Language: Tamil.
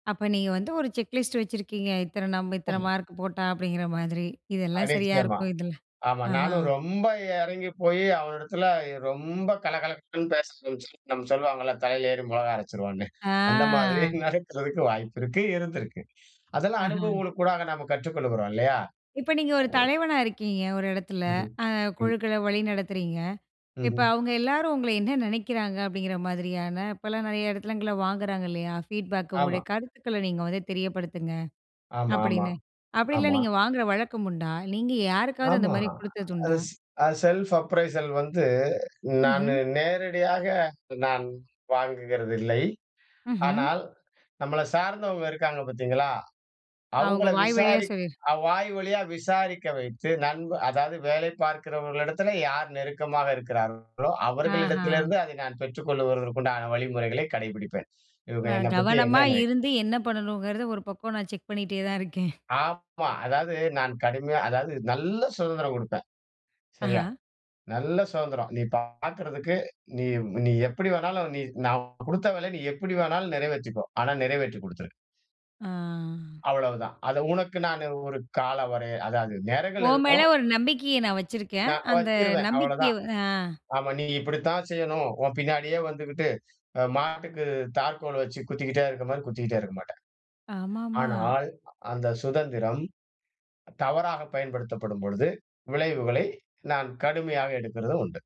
அப்ப நீங்க வந்து ஒரு செக் லிஸ்ட் வச்சிருக்கீங்க. இத்தன நம்ப இத்தனை மார்க் போட்டா அப்டிங்கிற மாரி, இதெல்லாம் அடே சரியா நிச்சியமா இருக்கும். இதில ஆமா, ஆஹா. நானும் ரொம்ப எறங்கி போயி அவனிடத்துல ரொம்ப கலகலகலன்னு பேச, [unintelligible] நம்ம சொல்வாங்கல்ல தலையில ஏறி மொளகா அரைச்சிருவான்னு, ஆ, அந்த மாதிரி நடக்கறதுக்கு வாய்ப்பிருக்கு, இருந்திருக்கு. அதெல்லாம் அஹா. அனுபவங்களுக்கூடாக நம்ம கற்றுக்கொள்கிறோம், இல்லையா? இப்ப நீங்க ஒரு தலைவனா இருக்கீங்க, ஒரு எடத்துல. ம்ஹ்ம். அ ம். குழுக்கள வழி நடத்துறீங்க. இப்ப ம்ஹ்ம். அவுங்க எல்லாரும் உங்கள என்ன நெனைக்கிறாங்க அப்டிங்கிற மாதிரியான, இப்பலாம் நெறைய எடத்துலங்கள்ல வாங்குறாங்க இல்லையா? ஃபீட்பேக்கு ஆமா. "உங்களுடைய கருத்துக்கள நீங்க வந்து தெரியப்படுத்துங்க" ஆமா, ஆமா, அப்டின்னு. அப்டின்லாம் ஆமா. நீங்க வாங்குற வழக்கம் உண்டா? நீங்க யாருக்காது அந்த ஆமா. மாரி குடுத்தது அது உண்டா? ஸ் அது செல்ஃப் அப்ரைசல் வந்து, நானு ம்ஹ்ம். நேரடியாக, நான் வாங்குகிறதில்லை. ம்ஹ்ம். ஆனால், நம்மள சார்ந்தவங்க இருக்காங்க பாத்தீங்களா, அவுங்க அவுங்கள வாய் வழியா விசாரி சொல்லீர் அ வாய் வழியா விசாரிக்க வைத்து நண்ப அதாவது வேலை பாக்கிறவர்களிடத்தில, யார் நெருக்கமாக இருக்கிறார்களோ, ஆஹா. அவர்களிடத்திலிருந்து அதை நான் பெற்றுக்கொள்ளுகிறதற்கு உண்டான வழிமுறைகளை கடைப்பிடிப்பேன். இவுங்க நான் என்னை பத்தி என்ன கவனமா நெனைக் இருந்து, என்ன பண்ணணுங்கிறத 1 பக்கம் நான் செக் பண்ணிகிட்டே தான் இருக்கேன். ஆமா, அதாவது நான் கடுமையா அதாவது நல்ல சுதந்திரம் குடுப்பேன், ஆஹா. சரியா? நல்ல சுதந்திரம். நீ பாக்கறதுக்கு, நீ நீ எப்டி வேணாலும் நீ நான் குடுத்த வேலைய நீ எப்டி வேணாலும் நெறைவேத்திக்கோ. ஆனா, நிறைவேற்றிக் குடுத்துரு. ஆ. அவ்வளவுதான். அதை உனக்கு நான் ஒரு காலவரை அதாவது நேரங்கள் உன் மேல இருக்கும். ஒரு நம்பிக்கையை நான் வச்சிருக்கேன். நான் அந்த வச்சுருவேன், நம்பிக்கைய அவ்வளதான். ஆ, ஆமா நீ இப்டித்தான் செய்யணும். உன் பின்னாடியே வந்துகிட்டு, அ மாட்டுக்கு தாற்கோல் வச்சு குத்திக்கிட்டே இருக்க மாரி, குத்திக்கிட்டே இருக்க மாட்டேன். ஆமாம்மா. ஆனால் அந்த சுதந்திரம், தவறாக பயன்படுத்தப்படும் பொழுது விளைவுகளை நான் கடுமையாக எடுக்குறதும் உண்டு.